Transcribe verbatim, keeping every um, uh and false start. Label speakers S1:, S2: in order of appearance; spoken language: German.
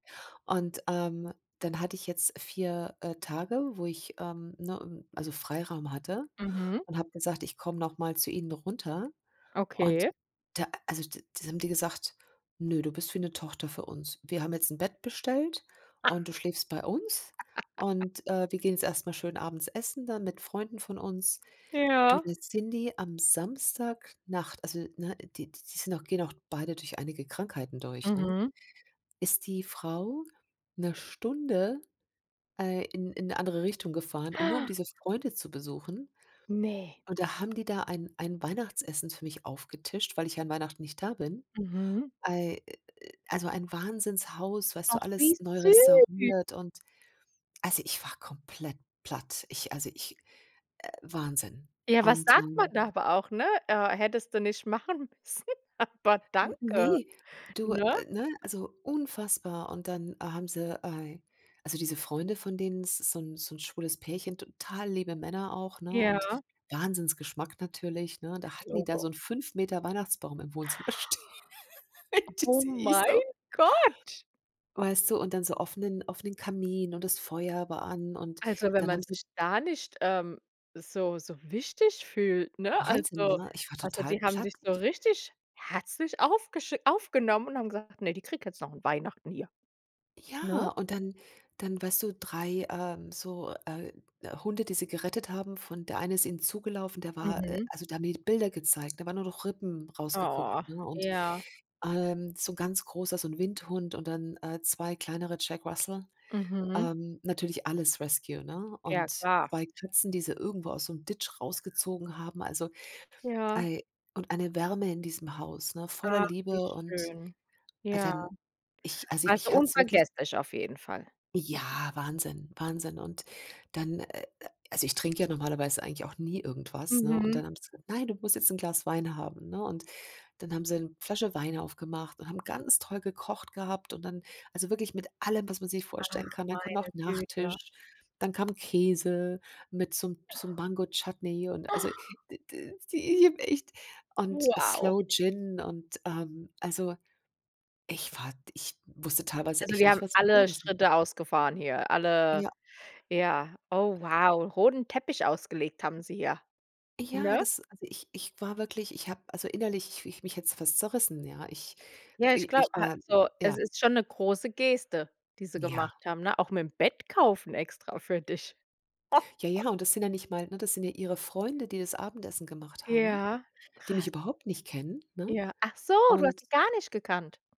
S1: Und, ähm, dann hatte ich jetzt vier, äh, Tage, wo ich, ähm ne, also Freiraum hatte,
S2: Mhm.
S1: und habe gesagt: „Ich komme noch mal zu Ihnen runter." Und
S2: Okay.
S1: da also da haben die gesagt: „Nö, du bist wie 'ne Tochter für uns. Wir haben jetzt 'n Bett bestellt
S2: Ha.
S1: und du schläfst bei uns und, äh, wir gehen jetzt erst mal schön abends essen dann mit Freunden von uns.” Du
S2: Ja.
S1: dann sind die am Samstagnacht also ne, die die sind auch gehen auch beide durch einige Krankheiten durch, ne
S2: Mhm.
S1: ist die Frau 'ne Stunde, äh, in in 'ne andere Richtung gefahren, um nur um diese Freunde zu besuchen.
S2: Ne.
S1: Und da haben die da ein ein Weihnachtsessen für mich aufgetischt, weil ich ja an Weihnachten nicht da bin.
S2: Mhm.
S1: Ei a a also ein Wahnsinnshaus, weißt du,
S2: Ach, wie
S1: alles neu
S2: süß.
S1: restauriert und also ich war komplett platt. Ich also ich äh, Wahnsinn.
S2: Ja, was
S1: Und
S2: sagt man
S1: dann
S2: da aber auch, ne? Äh, hättest du nicht machen müssen, aber
S1: N
S2: danke,
S1: ne, du,
S2: ne?
S1: ne, also unfassbar. Und dann haben sie äh, also diese Freunde, von denen es ist so 'n so 'n schwules Pärchen total liebe Männer auch, ne, und
S2: Ja.
S1: Wahnsinnsgeschmack natürlich, ne? Da hatten die da
S2: Logo.
S1: so 'n fünf Meter Weihnachtsbaum im Wohnzimmer stehen,
S2: Oh,
S1: sehe ich
S2: mein
S1: so.
S2: Gott.
S1: Weißt du, und dann so offenen offenen Kamin und das Feuer war an und
S2: Also, wenn
S1: dann
S2: man
S1: haben sie
S2: sich da nicht, ähm, so so wichtig fühlt, ne?
S1: Wahnsinn,
S2: Also
S1: ne? Ich war
S2: also
S1: total
S2: die haben
S1: platt
S2: dich so
S1: ich
S2: richtig herzlich aufgesch aufgenommen und haben gesagt: „Ne, die kriegt jetzt noch Weihnachten hier“, ne?
S1: Ja. und dann dann weißt du, drei, ähm, so, äh, Hunde, die sie gerettet haben von der Eine ist ihnen zugelaufen, der war äh,
S2: Mhm.
S1: also da haben die mir Bilder gezeigt da waren nur noch Rippen rausgeguckt,
S2: Oh,
S1: ne? Und,
S2: ja.
S1: ähm, so 'n ganz großer so 'n Windhund und dann, äh, zwei kleinere Jack Russell.
S2: Mhm.
S1: Ähm, natürlich alles Rescue, ne?
S2: Ja
S1: Und
S2: klar.
S1: zwei Katzen, die sie irgendwo aus so 'nem Ditch rausgezogen haben, also
S2: Ja.
S1: I und eine Wärme in diesem Haus, ne, voller
S2: Ach, wie
S1: Liebe und
S2: schön. Ja.
S1: dann ich also
S2: Also
S1: mich hat's wirklich
S2: unvergesslich auf jeden Fall.
S1: Ja, Wahnsinn, Wahnsinn. Und dann äh, also ich trinke ja normalerweise eigentlich auch nie irgendwas, ne? Und
S2: Mhm.
S1: dann haben sie gesagt: „Nein, du musst jetzt 'n Glas Wein haben”, ne? Und dann haben sie 'ne Flasche Wein aufgemacht und haben ganz toll gekocht gehabt und dann also wirklich mit allem, was man sich vorstellen
S2: Ach,
S1: kann. Dann kam noch
S2: meine Güte.
S1: Nachtisch, dann kam Käse mit so 'm so 'nem Mango-Chutney und also d d die ich habe echt und
S2: Wow.
S1: Sloe Gin und ähm, also ich war ich wusste teilweise
S2: Also,
S1: echt
S2: die
S1: nicht,
S2: haben
S1: was ich
S2: alle
S1: sagen sollte.
S2: Schritte ausgefahren hier alle,
S1: Ja.
S2: ja oh wow, roten Teppich ausgelegt haben sie hier,
S1: Ja,
S2: ne?
S1: das also ich ich war wirklich ich habe also innerlich mich hätte es fast zerrissen, ja. Ich
S2: Ja, ich glaube
S1: ich war
S2: also
S1: ja.
S2: es ist schon 'ne große Geste, die sie
S1: Ja.
S2: gemacht haben, ne, auch mit dem Bett kaufen extra für dich.
S1: Ja, ja, und das sind ja nicht mal, ne das sind ja ihre Freunde, die das Abendessen gemacht haben,
S2: Ja.
S1: die mich
S2: krass.
S1: überhaupt nicht kennen, ne.
S2: Ja. Ach so, du hast
S1: Und
S2: sie gar nicht gekannt.